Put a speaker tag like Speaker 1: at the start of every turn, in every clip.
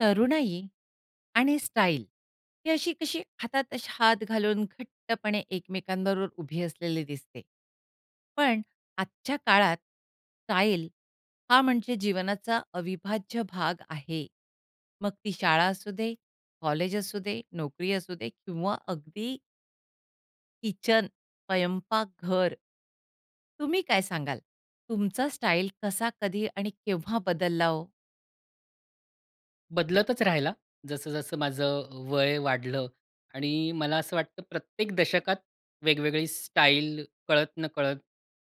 Speaker 1: तरुणाई आणि स्टाईल ही अशी-कशी हातात असे हात घालून घट्टपणे एकमेकांबरोबर उभी असलेली दिसते. पण आजच्या काळात स्टाईल हा म्हणजे जीवनाचा अविभाज्य भाग आहे. मग ती शाळा असू दे, कॉलेज असू दे, नोकरी असू दे किंवा अगदी किचन, स्वयंपाक घर. तुम्ही काय सांगाल, तुमचा स्टाईल कसा, कधी आणि केव्हा बदलला हो?
Speaker 2: बदलतच राहिला, जसं-जसं माझं अ, वय वाढलं आणि मला असं वाटतं, प्रत्येक दशकात वेगवेगळी स्टाईल कळत-नकळत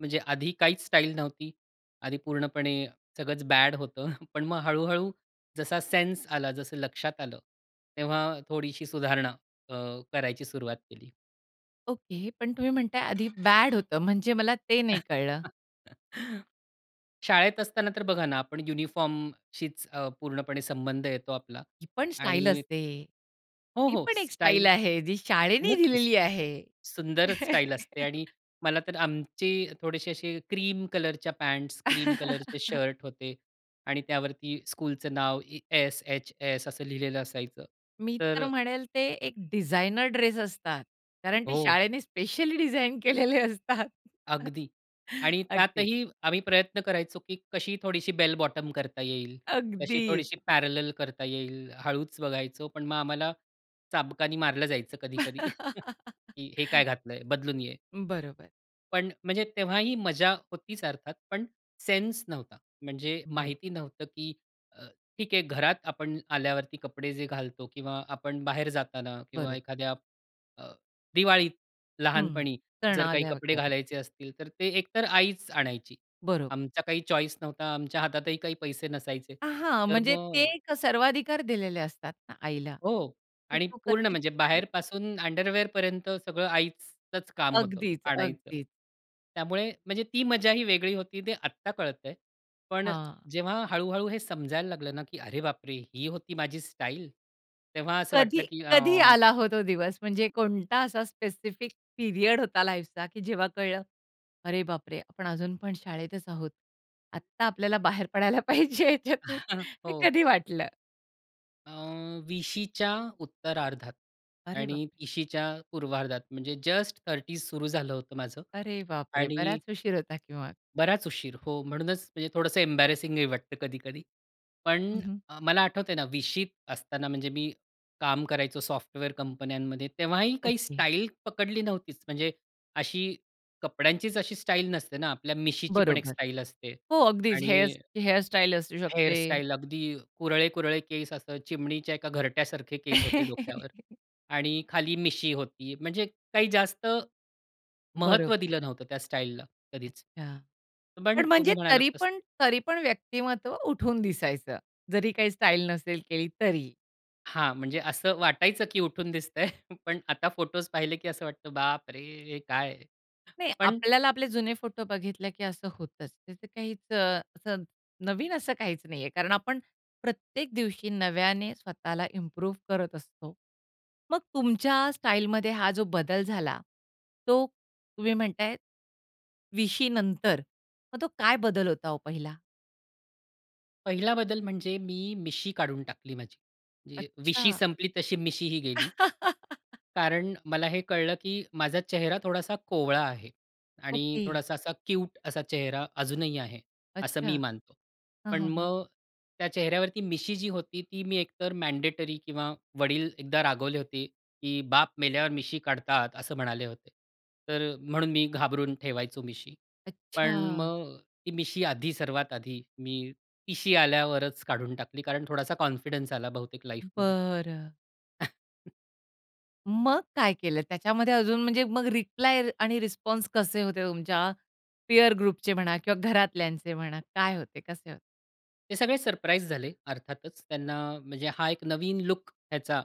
Speaker 2: म्हणजे आधी काहीच स्टाईल नव्हती. आधी पूर्णपणे सगळंच बॅड होतं. पण मग हळू-हळू जसा सेन्स आला जसं लक्षात आलं तेव्हा थोडीशी सुधारणा अ, करायची सुरुवात केली.
Speaker 1: ओके पण तुम्ही म्हणता आहे आधी बॅड होतं, म्हणजे मला ते नाही कळलं.
Speaker 2: शाळेत असताना तर बघा ना आपण युनिफॉर्मशीच अ, पूर्णपणे संबंध येतो आपला
Speaker 1: ती पण स्टाईल
Speaker 2: आणि
Speaker 1: असते.
Speaker 2: हो,
Speaker 1: ती
Speaker 2: हो
Speaker 1: पण एक स्टाईल
Speaker 2: स्टाईल
Speaker 1: आहे जी शाळेने
Speaker 2: नक्कीच
Speaker 1: दिलेली आहे.
Speaker 2: सुंदरच स्टाईल असते आणि मला तर आमचे थोडेसे असे क्रीम कलरच्या पँट्स, क्रीम कलरचे शर्ट होते आणि त्यावरती स्कूलचं नाव ए एस एच एस असं लिहिलेलं असायचं.
Speaker 1: मी
Speaker 2: तर
Speaker 1: तर
Speaker 2: अ
Speaker 1: म्हणेल ते एक डिझाइनर ड्रेस असतात. कारण ते
Speaker 2: हो.
Speaker 1: शाळेने स्पेशली डिझाइन केलेले असतात.
Speaker 2: अगदी आणि
Speaker 1: अगदीच.
Speaker 2: त्यातही आम्ही प्रयत्न करायचो की कशी थोडीशी बेल बॉटम करता येईल, कशी
Speaker 1: अगदी.
Speaker 2: थोडीशी पॅरॅलल करता येईल. हळूच बघायचो पण मग आम्हाला चाबकाने मारलं जायचं, कधी-कधी की हे काय घातलंय? बदलून ये.
Speaker 1: बरोबर.
Speaker 2: पण म्हणजे, तेव्हाही मजा होतीच अर्थात पण सेन्स नव्हता. म्हणजे
Speaker 1: बरं.
Speaker 2: माहिती नव्हतं की अ, ठीक आहे घरात आपण आल्यावरती कपडे जे घालतो किंवा आपण बाहेर जाताना किंवा
Speaker 1: बरोब
Speaker 2: एखाद्या अ, दिवाळीत
Speaker 1: हं,
Speaker 2: लहानपणी
Speaker 1: कारण
Speaker 2: जर काही
Speaker 1: आल्या
Speaker 2: कपडे
Speaker 1: होत्या ते.
Speaker 2: घालायचे असतील, तर ते एकतर आईच आणायची.
Speaker 1: बरोबर.
Speaker 2: आमचा काही चॉईस नव्हता, आमच्या हातातही काही पैसे नसायचे.
Speaker 1: अ, हां.
Speaker 2: तर
Speaker 1: म्हणजे ते
Speaker 2: मग
Speaker 1: सर्वाधिकार दिलेले असतात ना आईला
Speaker 2: हो
Speaker 1: की
Speaker 2: आणि
Speaker 1: तू
Speaker 2: पूर्ण
Speaker 1: करशील
Speaker 2: म्हणजे
Speaker 1: तेच आहे.
Speaker 2: बाहेर पासून अंडरवेअर पर्यंत सगळं आईचंच काम होतं
Speaker 1: अगदीच,
Speaker 2: आणायचं.
Speaker 1: अगदीच.
Speaker 2: त्यामुळे म्हणजे ती मजा ही वेगळी होती ते आत्ता कळतं आहे. पण
Speaker 1: हां.
Speaker 2: जेव्हा हळू-हळू हे समजायला लागलं ना, की अरे बापरे! ही होती माझी स्टाईल तेव्हा असं
Speaker 1: कधी
Speaker 2: वाटलं की अ
Speaker 1: कधी आला हो तो दिवस? म्हणजे कोणता असा स्पेसिफिक पिरियड होता लाईफचा की जेव्हा कळलं अरे बापरे! आपण अजून पण शाळेतच आहोत. आत्ता आपल्याला बाहेर पडायला पाहिजे त्यातून. हे
Speaker 2: हो.
Speaker 1: कधी वाटलं?
Speaker 2: अ, 20शी च्या उत्तरार्धात
Speaker 1: अरे बापरे!
Speaker 2: आणि 30शी च्या पूर्वार्धात म्हणजे जस्ट 30's सुरु झालं होतं माझं
Speaker 1: अरे बापरे!
Speaker 2: आणि
Speaker 1: बराच उशीर होता की मग?
Speaker 2: बराच उशीर हो, म्हणूनच म्हणजे थोडंसं एम्बॅरेसिंगही वाटतं कधी-कधी.
Speaker 1: हं,
Speaker 2: पण
Speaker 1: हं.
Speaker 2: अ, मला आठवतं आहे ना, 20शीत असताना म्हणजे मी काम करायचो सॉफ्टवेअर कंपन्यांमध्ये तेव्हाही काही
Speaker 1: ओके.
Speaker 2: स्टाईल पकडली नव्हतीच. म्हणजे अशी कपड्यांचीच अशी स्टाईल नसते ना, आपल्या मिशीची पण एक
Speaker 1: बरोबर.
Speaker 2: स्टाईल असते.
Speaker 1: हो अगदीच हेअर
Speaker 2: आणि
Speaker 1: हेअर स्टाईल असू
Speaker 2: हेअर
Speaker 1: शकते.
Speaker 2: स्टाईल अगदी अ, कुरळे, कुरळे केस असं चिमणीच्या एका घरट्यासारखे केस होते डोक्यावर आणि खाली मिशी होती. म्हणजे काही जास्त, महत्त्व
Speaker 1: बरोबर.
Speaker 2: दिलं नव्हतं त्या स्टाईलला कधीच.
Speaker 1: अच्छा.
Speaker 2: पण
Speaker 1: पण म्हणजे
Speaker 2: तुम्ही म्हणालात
Speaker 1: तरी
Speaker 2: तसं
Speaker 1: पण तरी पण व्यक्तिमत्व उठून दिसायचं जरी काही स्टाईल नसेल केली तरी?
Speaker 2: हां, म्हणजे असं वाटायचं की उठून दिसतंय. पण आता फोटोज पाहिले की असं वाटतं बापरे! हे काय.
Speaker 1: नाही,
Speaker 2: पण
Speaker 1: आपल्याला आपले जुने फोटो बघितले की असं होतंच. ते काहीच अ, असं, नवीन असं काहीच नाही आहे कारण आपण प्रत्येक दिवशी नव्याने स्वतःला इम्प्रूव्ह करत असतो. मग तुमच्या स्टाईलमध्ये हा जो बदल झाला तो तुम्ही म्हणतायत 20शी नंतर मग तो काय बदल होता हो पहिला?
Speaker 2: पहिला बदल म्हणजे मी मिशी काढून टाकली माझी. जे 20शी
Speaker 1: अच्छा.
Speaker 2: संपली तशी मिशी ही गेली. कारण मला हे कळलं की माझा चेहरा थोडासा कोवळा आहे आणि
Speaker 1: ओके.
Speaker 2: थोडासा असा क्यूट असा चेहरा अजूनही आहे, असं
Speaker 1: अच्छा.
Speaker 2: मी मानतो.
Speaker 1: हां,
Speaker 2: पण
Speaker 1: हां, हां.
Speaker 2: मग त्या चेहऱ्यावरती मिशी जी होती ती मी एकतर मँडेटरी किंवा वडील एकदा रागवले होते की "बाप मेल्यावर मिशी काढतात," असं म्हणाले होते. तर अ, म्हणून मी घाबरून ठेवायचो मिशी. पण
Speaker 1: अच्छा!
Speaker 2: मग ती मिशी आधी सर्वात आधी मी 30शी आल्यावरच काढून टाकली कारण थोडासा कॉन्फिडन्स आला बहुतेक लाईफमध्ये.
Speaker 1: बरं. मग काय केलं? त्याच्यामध्ये अजून म्हणजे मग रिप्लाय आणि रिस्पॉन्स कसे होते तुमच्या पिअर ग्रुपचे म्हणा किंवा घरातल्यांचे म्हणा. काय होते? कसे होते?
Speaker 2: ते सगळे सरप्राईज झाले अर्थातच. त्यांना म्हणजे हा एक नवीन लूक ह्याचा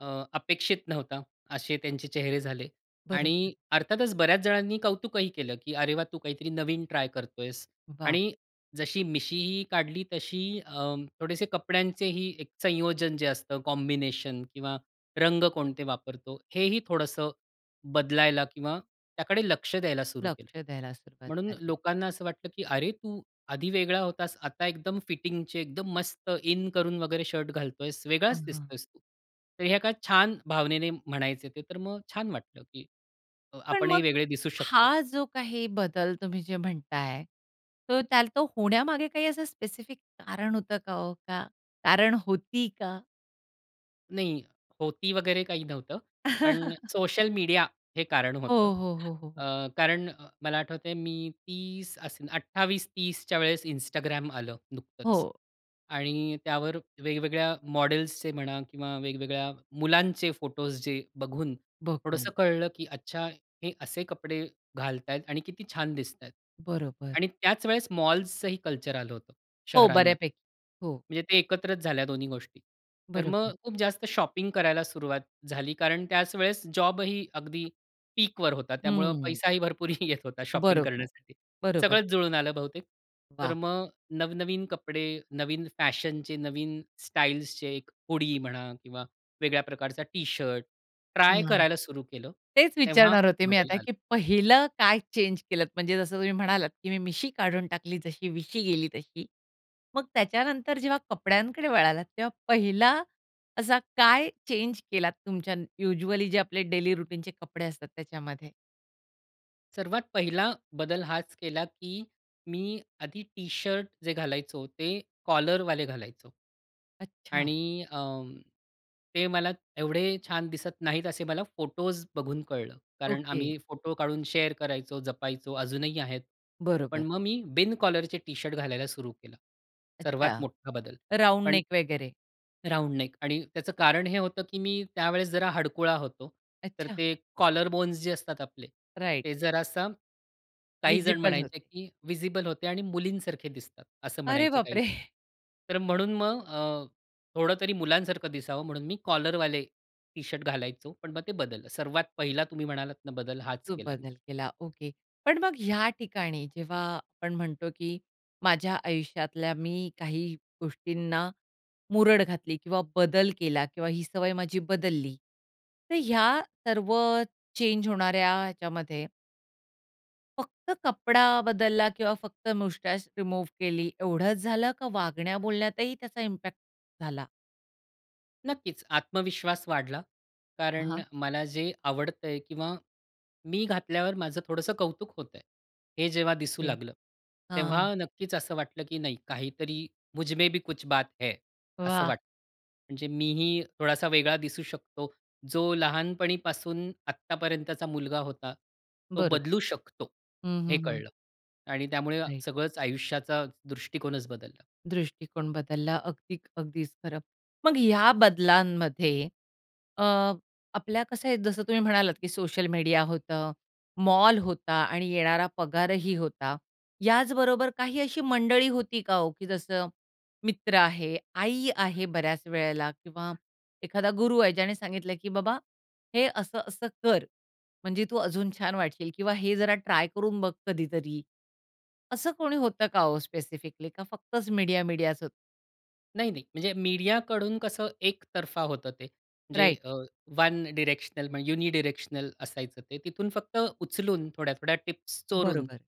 Speaker 2: अ, अपेक्षित नव्हता असे त्यांचे चेहरे झाले.
Speaker 1: बरोबर.
Speaker 2: आणि अर्थातच बऱ्याच जणांनी कौतुकही केलं की, "अरे वाह! तू काहीतरी नवीन ट्राय करतोयस."
Speaker 1: वाह!
Speaker 2: आणि जशी मिशीही काढली तशी अं, थोडेसे कपड्यांचेही एक संयोजन जे असतं कॉम्बिनेशन किंवा रंग कोणते वापरतो, हेही थोडंसं बदलायला किंवा त्याकडे लक्ष द्यायला सुरु केलं.
Speaker 1: लक्ष द्यायला सुरुवात
Speaker 2: म्हणून
Speaker 1: झाली.
Speaker 2: लोकांना असं वाटलं की, "अरे तू आधी वेगळा होतास. आता एकदम फिटिंगचे एकदम मस्त इन करून वगैरे शर्ट घालतोयस,
Speaker 1: हां,
Speaker 2: वेगळाच
Speaker 1: हां.
Speaker 2: दिसतोयस तू." तर हे एका छान भावनेने म्हणायचे ते. तर मग छान वाटलं की अ,
Speaker 1: पण
Speaker 2: आपणही
Speaker 1: मग
Speaker 2: वेगळे दिसू शकतो.
Speaker 1: हा जो काही बदल तुम्ही जे म्हणताय तो त्या तो होण्यामागे काही असं स्पेसिफिक कारण होतं का, हो का? कारण होती का?
Speaker 2: नाही, होती वगैरे काही नव्हतं. पण सोशल मीडिया हे कारण
Speaker 1: हो,
Speaker 2: होतं.
Speaker 1: हो, हो, हो, हो.
Speaker 2: अ, कारण अ, मला आठवत आहे मी 30 असेन, 28-30 च्या वेळेस Instagram आलं नुकतंच.
Speaker 1: हो.
Speaker 2: आणि त्यावर वेगवेगळ्या मॉडेल्सचे म्हणा किंवा वेगवेगळ्या मुलांचे फोटोज् जे बघून थोडंसं
Speaker 1: बघून,
Speaker 2: कळलं की अच्छा! हे असे कपडे घालत आहेत आणि किती छान दिसत आहेत.
Speaker 1: बरोबर.
Speaker 2: आणि त्याच वेळेस मॉल्सचंही कल्चर आलं होतं
Speaker 1: हो.
Speaker 2: शहरांमध्ये.
Speaker 1: बऱ्यापैकी हो.
Speaker 2: म्हणजे ते एकत्रच झाल्या दोन्ही गोष्टी. तर मग
Speaker 1: बरोबर.
Speaker 2: खूप जास्त शॉपिंग करायला सुरुवात झाली. कारण त्याच वेळेस जॉबही अगदी पीकवर होता. त्यामुळे
Speaker 1: हम्म.
Speaker 2: पैसाही भरपूर येत होता शॉपिंग
Speaker 1: बरोबर,
Speaker 2: करण्यासाठी.
Speaker 1: बरोबर.
Speaker 2: सगळंच जुळून आलं बहुतेक. तर
Speaker 1: वाह!
Speaker 2: मग नवनवीन कपडे, नवीन फॅशनचे, नवीन स्टाईल्सचे एक हुडी म्हणा किंवा वेगळ्या प्रकारचा टी-शर्ट ट्राय
Speaker 1: हं.
Speaker 2: करायला सुरू केलं,
Speaker 1: तेच
Speaker 2: तेव्हा
Speaker 1: विचारणार होते मी
Speaker 2: बदल
Speaker 1: आता
Speaker 2: आलं.
Speaker 1: की पहिलं काय चेंज केलत? म्हणजे जसं तुम्ही म्हणालात की मी मिशी काढून टाकली, जशी 20शी गेली तशी. मग त्याच्यानंतर जेव्हा कपड्यांकडे वळालात, तेव्हा पहिला असा काय चेंज केलात तुमच्या युज्युअली जे आपले डेली रुटीनचे कपडे असतात त्याच्यामध्ये?
Speaker 2: सर्वात पहिला बदल हाच केला की मी आधी टी-शर्ट जे घालायचो ते कॉलरवाले घालायचो
Speaker 1: अच्छा.
Speaker 2: आणि अ, ते मला एवढे छान दिसत नाहीत असे मला फोटोज् बघून कळलं. कारण
Speaker 1: ओके.
Speaker 2: आम्ही फोटो काढून शेअर करायचो, जपायचो अजूनही आहेत. पण
Speaker 1: बरोबर.
Speaker 2: मग मी बिन कॉलरचे टी-शर्ट घालायला सुरु केलं.
Speaker 1: अच्छा.
Speaker 2: सर्वात मोठा बदल
Speaker 1: राउंड
Speaker 2: पण
Speaker 1: नेक वगैरे.
Speaker 2: राउंड नेक आणि त्याचं कारण हे होतं की मी त्यावेळेस जरा हडकुळा होतो. तर
Speaker 1: अच्छा.
Speaker 2: ते कॉलर बोन्स जे असतात आपले
Speaker 1: राइट.
Speaker 2: ते जरासं काहीजण
Speaker 1: व्हिजिबल
Speaker 2: म्हणायचे
Speaker 1: होते.
Speaker 2: की व्हिजिबल होते आणि मुलींसारखे दिसतात असं
Speaker 1: अरे
Speaker 2: म्हणायचे काही
Speaker 1: बापरे!
Speaker 2: जण. तर म्हणून मग अ, थोडं तरी मुलांसारखं दिसावं म्हणून मी कॉलरवाले टी-शर्ट घालायचो. पण मग ते बदललं. सर्वात पहिला तुम्ही म्हणालात ना बदल हाच
Speaker 1: तो
Speaker 2: केला मी.
Speaker 1: बदल केला ओके. पण मग या ठिकाणी जेव्हा आपण म्हणतो, की माझ्या आयुष्यातल्या मी काही गोष्टींना मुरड घातली किंवा बदल केला किंवा ही सवय माझी बदलली, तर या सर्व चेंज होणाऱ्या याच्यामध्ये फक्त कपडा बदलला किंवा फक्त मुस्टच रिमूव्ह केली एवढंच झालं, का वागण्या बोलण्यातही त्याचा इम्पॅक्ट झाला?
Speaker 2: नक्कीच, आत्मविश्वास वाढला. कारण
Speaker 1: हां.
Speaker 2: मला जे आवडतंय किंवा मी घातल्यावर माझं थोडंसं कौतुक होतंय. हे जेव्हा दिसू
Speaker 1: ओके,
Speaker 2: लागलं.
Speaker 1: हां.
Speaker 2: तेव्हा नक्कीच असं वाटलं की नाही काहीतरी मुझमे भी कुछ बात है. असं
Speaker 1: वाह!
Speaker 2: वाटलं. म्हणजे मीही थोडासा वेगळा दिसू शकतो. जो लहानपणीपासून आत्तापर्यंतचा मुलगा होता, तो
Speaker 1: बरोबर.
Speaker 2: बदलू शकतो
Speaker 1: हं,
Speaker 2: हे
Speaker 1: हं, हं.
Speaker 2: कळलं आणि त्यामुळे
Speaker 1: राइट
Speaker 2: सगळंच आयुष्याचा दृष्टिकोनच बदलला.
Speaker 1: दृष्टिकोन बदलला अगदी, अगदीच खरं. मग या बदलांमध्ये अ, आपल्या कसं आहे, जसं तुम्ही म्हणालात की सोशल मीडिया होतं, मॉल होता आणि येणारा पगारही होता. याचबरोबर काही अशी मंडळी होती का हो? की जसं मित्र आहे, आई आहे, बऱ्याच वेळेला किंवा एखादा गुरु आहे ज्याने सांगितलं, की "बाबा, हे असं-असं कर, म्हणजे तू अजून छान वाटशील किंवा हे जरा ट्राय करून बघ कधीतरी." असं कोणी होतं का ओ स्पेसिफिकली का, फक्तच मीडिया-मीडिया असं होतं?
Speaker 2: नाही, नाही. म्हणजे मीडियाकडून कसं एकतर्फा होतं ते जे
Speaker 1: राइट.
Speaker 2: अ, वन डायरेक्शनल, युनिडायरेक्शनल असायचं. ते तिथून फक्त उचलून थोड्या-थोड्या टिप्स चोरून
Speaker 1: बरोबर.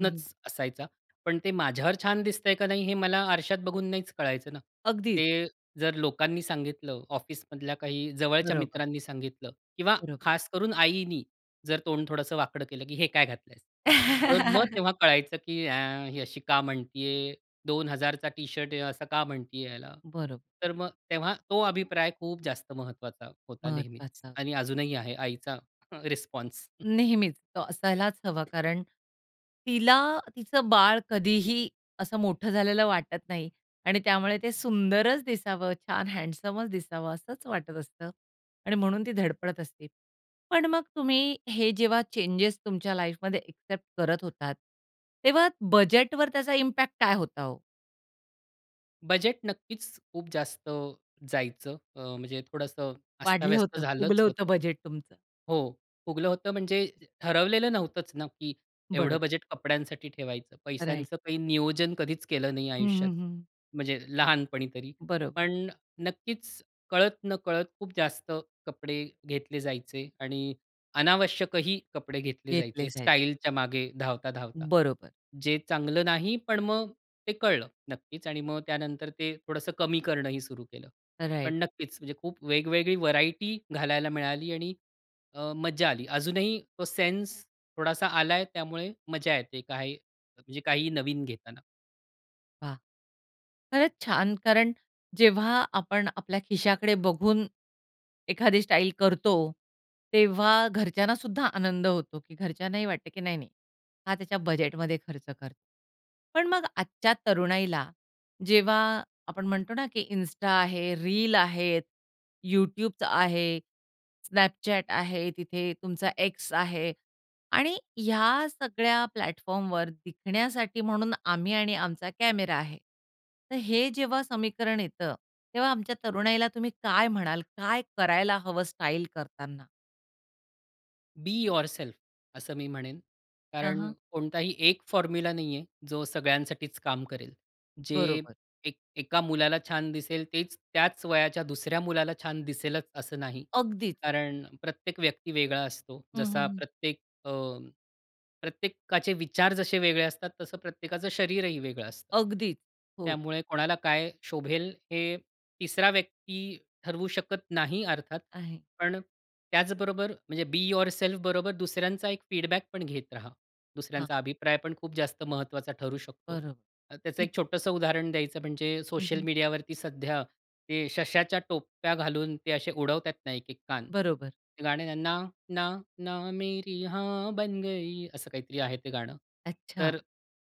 Speaker 1: हं.
Speaker 2: असायचा. पण ते माझ्यावर छान दिसतंय का नाही हे मला आरशात बघून नाहीच कळायचं ना.
Speaker 1: अगदीच.
Speaker 2: ते जर लोकांनी सांगितलं, ऑफिसमधल्या काही जवळच्या
Speaker 1: बरोबर.
Speaker 2: मित्रांनी सांगितलं किंवा
Speaker 1: बरोबर.
Speaker 2: खास करून आईनी जर तोंड थोडंसं वाकडं केलं, की "हे काय घातलंय." तर मग तेव्हा कळायचं की ए, ही अशी का म्हणतीये. 2,000चा टी-शर्ट आहे असं का म्हणतीये याला.
Speaker 1: बरो
Speaker 2: तर मग तेव्हा तो अभिप्राय खूप जास्त महत्त्वाचा होता नेहमीच.
Speaker 1: महत्वाचा.
Speaker 2: आणि अजूनही आहे आईचा र रिस्पॉन्स.
Speaker 1: नेहमीच तो असायलाच हवा, कारण तिला तिचं बाळ कधीही असं मोठं झालेलं वाटत नाही आणि त्यामुळे ते सुंदरच दिसावं, छान हँडसमचं दिसावं असंच वाटत असतं आणि म्हणून ती धडपडत असते. पण मग तुम्ही हे जेव्हा चेंजेस तुमच्या लाईफमध्ये एक्सेप्ट करत होतात तेव्हा बजेटवर त्याचा इम्पॅक्ट काय होता हो?
Speaker 2: बजेट नक्कीचं खूप जास्त जायचं. अ, म्हणजे थोडंसं
Speaker 1: वाढलं
Speaker 2: अस्ताव्यस्त
Speaker 1: होतं,
Speaker 2: झालंच
Speaker 1: फुगलं होतं
Speaker 2: होतं.
Speaker 1: बजेट तुमचं.
Speaker 2: हो फुगलं होतं म्हणजे ठरवलेलं नव्हतंच ना, की एवढं
Speaker 1: बरोबर.
Speaker 2: बजेट कपड्यांसाठी ठेवायचं.
Speaker 1: राइट.
Speaker 2: पैशांचं काही नियोजन कधीच केलं नाही
Speaker 1: हं,
Speaker 2: आयुष्यात.
Speaker 1: हं, हं.
Speaker 2: म्हणजे लहानपणी तरी.
Speaker 1: बरोबर
Speaker 2: पण नक्कीच कळत-नकळत खूप जास्त कपडे घेतले जायचे आणि अनावश्यकही कपडे घेतले
Speaker 1: घेतले
Speaker 2: जायचे
Speaker 1: जायचे.
Speaker 2: स्टाईलच्या मागे धावता-धावता.
Speaker 1: बरोबर.
Speaker 2: जे चांगलं नाही पण मग ते कळलं नक्कीच आणि मग त्यानंतर ते थोडंसं कमी करणंही सुरू केलं. पण
Speaker 1: राइट.
Speaker 2: नक्कीच. म्हणजे खूप वेगवेगळी व्हरायटी घालायला मिळाली आणि अ, मज्जा आली. अजूनही तो सेन्स थोडासा आलाय त्यामुळे मज्जा येते काय म्हणजे काही नवीन घेताना.
Speaker 1: वाह! खरंच छान! कारण जेव्हा आपण आपल्या खिशाकडे बघून, एखादी स्टाईल करतो, तेव्हा घरच्यांना सुद्धा आनंद होतो, की घरच्यांनाही वाटतं, की नाही, नाही. हा त्याच्या बजेटमध्ये खर्च करतो. पण मग आजच्या तरुणाईला जेव्हा आपण म्हणतो ना, की Insta आहे, रील आहे, YouTubeच आहे, Snapchat आहे तिथे, तुमचा X आहे आणि ह्या सगळ्या प्लॅटफॉर्मवर दिसण्यासाठी म्हणून आम्ही आणि आमचा कॅमेरा आहे. तर हे जेव्हा समीकरण येतं, तेव्हा आमच्या तरुणाईला तुम्ही काय म्हणाल, काय करायला हवं स्टाईल करताना?
Speaker 2: बी युरसेल्फ असं मी म्हणेन.
Speaker 1: हां,
Speaker 2: कारण
Speaker 1: हां.
Speaker 2: कोणताही एक फॉर्म्युला नाही आहे, जो सगळ्यांसाठीच काम करेल. जे
Speaker 1: बरोबर.
Speaker 2: एक एका मुलाला छान दिसेल तेच त्याच वयाच्या दुसऱ्या मुलाला छान दिसेलच असं नाही.
Speaker 1: अगदीच.
Speaker 2: कारण प्रत्येक व्यक्ती वेगळा असतो.
Speaker 1: हं, हं,
Speaker 2: जसा
Speaker 1: हं.
Speaker 2: प्रत्येक अ, प्रत्येकाचे विचार जसे वेगळे असतात, तसं प्रत्येकाचं शरीरही वेगळं असतं.
Speaker 1: अगदी, हो.
Speaker 2: त्यामुळे कोणाला काय शोभेल हे 3सरा व्यक्ती ठरवू शकत नाही अर्थात.
Speaker 1: आहे.
Speaker 2: पण त्याचबरोबर म्हणजे बी युरसेल्फ बरोबर दुसऱ्यांचा एक फीडबॅक पण घेत रहा.
Speaker 1: हां.
Speaker 2: दुसऱ्यांचा अभिप्राय पण खूप जास्त महत्वाचा ठरू शकतो.
Speaker 1: बरोबर.
Speaker 2: त्याचं एक छोटसं उदाहरण द्यायचं म्हणजे,
Speaker 1: हं,
Speaker 2: सोशल
Speaker 1: हं.
Speaker 2: मीडिया वरती सध्या ते सश्याच्या टोप्या घालून ते असे उडवतात ना, एक-एक कान,
Speaker 1: बरोबर.
Speaker 2: ते गाणं आहे ना, ना, ना, ना, ना मेरी हाँ बन गयी. असं काहीतरी आहे ते गाणं.
Speaker 1: अच्छा.
Speaker 2: तर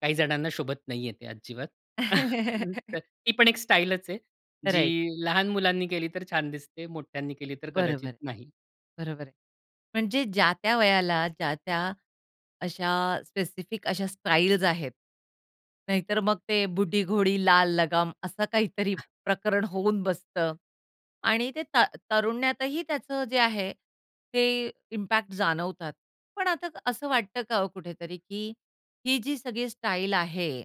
Speaker 2: काही जणांना शोभत नाही आहे ते अजिबात. तर ती पण एक स्टाईलच आहे.
Speaker 1: राईट
Speaker 2: जी लहान मुलांनी केली तर छान दिसते, मोठ्यांनी केली तर कदाचित
Speaker 1: बरोबर,
Speaker 2: नाही.
Speaker 1: बरोबर. म्हणजे ज्या त्या वयाला, ज्या त्या अशा स्पेसिफिक अशा स्टाईल्स आहेत. नाहीतर मग ते बुढी घोडी, लाल लगाम असं काहीतरी प्रकरण होऊन बसतं आणि ते ता तरुण्यातही त्याचं जे आहे, ते इम्पॅक्ट जाणवतात. पण आता असं वाटतं का हो कुठेतरी, की हि जी सगळी स्टाईल आहे,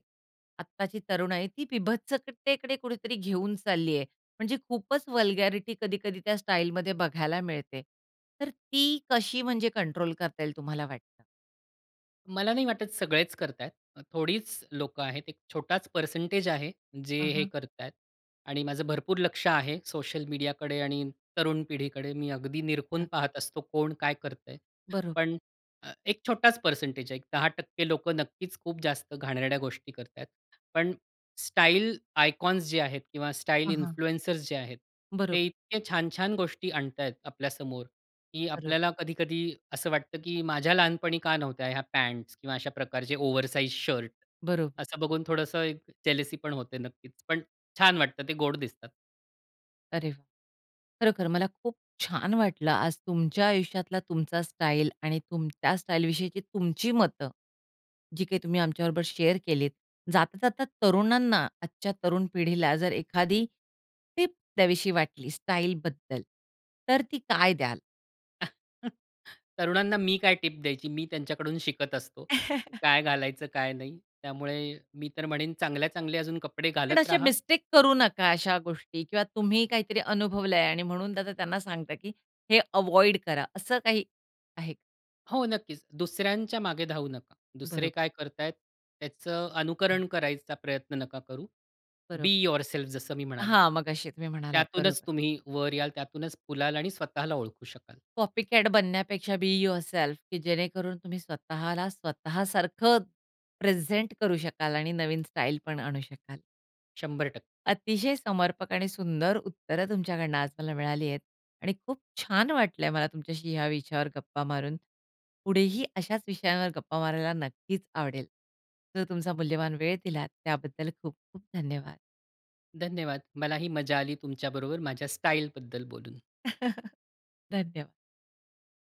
Speaker 1: आत्ताची तरुण आहे ती विभत्सकतेकडे कुठेतरी घेऊन चालली आहे. म्हणजे खूपच वल्गॅरिटी कधी-कधी त्या स्टाईलमध्ये बघायला मिळते. तर ती कशी म्हणजे कंट्रोल करता येईल तुम्हाला वाटतं?
Speaker 2: मला नाही वाटत सगळेच करत आहेत. थोडीच लोकं आहेत. एक छोटाच पर्सेंटेज आहे जे
Speaker 1: हं,
Speaker 2: हे
Speaker 1: हं.
Speaker 2: करत आहेत. आणि माझं भरपूर लक्ष आहे, सोशल मीडियाकडे आणि तरुण पिढीकडे मी अगदी निरखून
Speaker 1: हां.
Speaker 2: पाहत असतो कोण काय करतंय.
Speaker 1: बरोब
Speaker 2: पण एक छोटाच पर्सेंटेज आहे. एक 10% लोकं नक्कीच खूप जास्त घाणेरड्या गोष्टी करत आहेत. पण स्टाईल आयकॉन्स जे आहेत किंवा स्टाईल
Speaker 1: हां, हां.
Speaker 2: इन्फ्लुएंसर्स जे आहेत, ते
Speaker 1: बरोबर.
Speaker 2: इतके छान-छान गोष्टी आणतायत आपल्यासमोर, की
Speaker 1: बरोब
Speaker 2: आपल्याला कधी-कधी असं वाटतं, की माझ्या लहानपणी का नव्हत्या ह्या पॅंट्स किंवा अशा प्रकारचे ओव्हरसाईज शर्ट?
Speaker 1: बरोब
Speaker 2: असं बघून थोडंसं एक जेलसीपण होते नक्कीच. पण छान वाटतं ते गोड दिसतात.
Speaker 1: अरे वाह! खरोखर मला खूप छान वाटलं, आज तुमच्या आयुष्यातला तुमचा स्टाईल आणि तुमच्या स्टाईल विषयीची तुमची मतं, जी काही तुम्ही आमच्या बरोबर शेअर केलीत. जाता जाता तरुणांना आजच्या तरुण पिढीला जर एखादी टिप द्यावीशी वाटली स्टाईलबद्दल, तर ती काय द्याल?
Speaker 2: तरुणांना मी काय टिप द्यायची? मी त्यांच्याकडून शिकत असतो. काय घालायचं, काय नाही? त्यामुळे मी तर म्हणेन, चांगल्या-चांगल्या अजून कपडे
Speaker 1: पण
Speaker 2: घालत
Speaker 1: असे
Speaker 2: राहा.
Speaker 1: मिस्टेक करू नका अशा गोष्टी किंवा तुम्ही काहीतरी अनुभवलं आहे आणि म्हणून त्यांच त्यांना सांगतात, की "हे अव्हॉइड करा" असं काही आहे?
Speaker 2: हो. नक्कीच. दुसऱ्यांच्या मागे धावू नका. दुसरे
Speaker 1: बरोबर.
Speaker 2: काय करत आहेत त्याचं
Speaker 1: हं.
Speaker 2: अनुकरण करायचा प्रयत्न नका करू. बी
Speaker 1: बरोब
Speaker 2: युवरसेल्फ जसं मी म्हणालो.
Speaker 1: हां. मगाशी तुम्ही म्हणालात
Speaker 2: त्यातूनच
Speaker 1: बरोबर.
Speaker 2: तुम्ही वर याल, त्यातूनच फुलाल आणि स्वतःला ओळखू शकाल.
Speaker 1: कॉपी कॅट बनण्यापेक्षा बी युवरसेल्फ की जेणेकरून तुम्ही स्वतःला स्वतःसारखं प्रेझेंट करू शकाल आणि नवीन स्टाईल पण आणू शकाल.
Speaker 2: 100%.
Speaker 1: अतिशय समर्पक आणि सुंदर उत्तर तुमच्याकडनं आज मला मिळाली आहेत. आणि खूप छान वाटलं आहे मला तुमच्याशी ह्या विषयावर गप्पा मारून. पुढेही अशाच विषयांवर गप्पा मारायला नक्कीच आवडेल. जो तुमचा मूल्यवान वेळ दिलात त्याबद्दल खूप-खूप धन्यवाद.
Speaker 2: धन्यवाद. मलाही मजा आली तुमच्याबरोबर माझ्या स्टाईलबद्दल बोलून.
Speaker 1: धन्यवाद.